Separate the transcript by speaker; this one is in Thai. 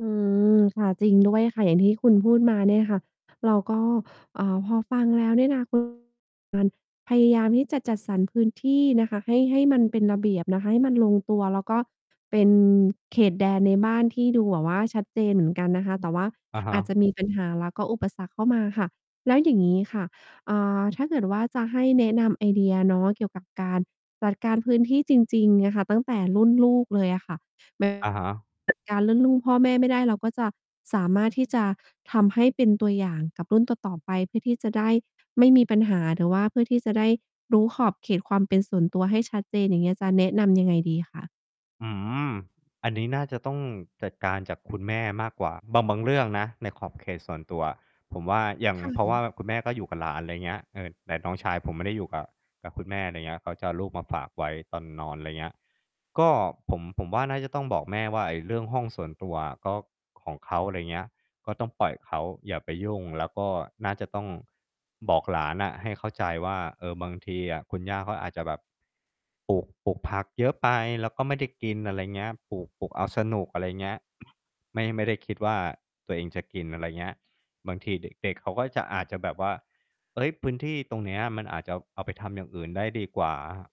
Speaker 1: อืม ค่ะ จริงด้วยค่ะ อย่างที่คุณพูดมาเนี่ยค่ะ เราก็ อ่า พอฟังแล้วเนี่ยนะ [unintelligible] การ พยายามที่จะจัดสรรพื้นที่นะคะให้ ให้มันเป็นระเบียบนะคะ ให้มันลงตัว แล้วก็เป็นเขตแดนในบ้านที่ดูแบบว่าชัดเจนเหมือนกันนะคะ แต่ว่า
Speaker 2: อะฮ
Speaker 1: อาจจ
Speaker 2: ะ
Speaker 1: ะมี ปัญหา แล้วก็อุปสรรคเข้ามาค่ะ แล้วอย่างงี้ค่ะ อ่า ถ้าเกิดว่า จะให้แนะนำไอเดียเนาะเกี่ยวกับการจัดการพื้นที่จริง ๆ อะค่ะ ตั้งแต่รุ่นลูกเลยอะค่ะ
Speaker 2: อะฮะ
Speaker 1: [unintelligible] จัด การเรื่องรุ่น พ่อแม่ไม่ได้ เราก็จะสามารถที่จะทำให้เป็นตัวอย่างกับรุ่นต่อ ๆ ไป เพื่อที่จะได้ไม่มีปัญหา หรือว่าเพื่อที่จะได้รู้ขอบเขตความเป็นส่วนตัวให้ชัดเจน อย่างเงี้ย จะแนะนำยังไงดีคะ?
Speaker 2: อืม อันนี้น่าจะต้องจัดการจากคุณแม่มากกว่า บาง บางเรื่องนะในขอบเขตส่วนตัวอะ ผมว่าอย่าง
Speaker 1: ค่
Speaker 2: เพราะว่า
Speaker 1: ะ
Speaker 2: คุณแม่ก็อยู่กับหลาน ไรเงี้ย เออ แต่น้องชายผมไม่ได้อยู่กับ กับคุณแม่ ไรเงี้ย เขาจะเอาลูกมาฝากไว้ตอนนอน ไรเงี้ย ก็ ผม ผมว่าน่าจะต้องบอกแม่ว่า ไอ้เรื่องห้องส่วนตัวอะ ก็ ของเขา อะไรเงี้ย ก็ต้องปล่อยเขา อย่าไปยุ่ง แล้วก็น่าจะต้องบอกหลานน่ะให้เข้าใจว่า เออ บางทีอะคุณย่าเขาอาจจะแบบ ปลูก ปลูกผักเยอะไป แล้วก็ไม่ได้กิน อะไรเงี้ย ปลูก ปลูกเอาสนุก อะไรเงี้ย ไม่ ไม่ได้่คิดว่าตัวเองจะกิน อะไรเงี้ย บางทีเด็ก ๆ เขาก็จะ อาจจะแบบว่า เฮ้ย พื้นที่ตรงเนี้ยมันอาจจะเอา เอาไปทำอย่างอื่นได้ดีกว่า อะฮะ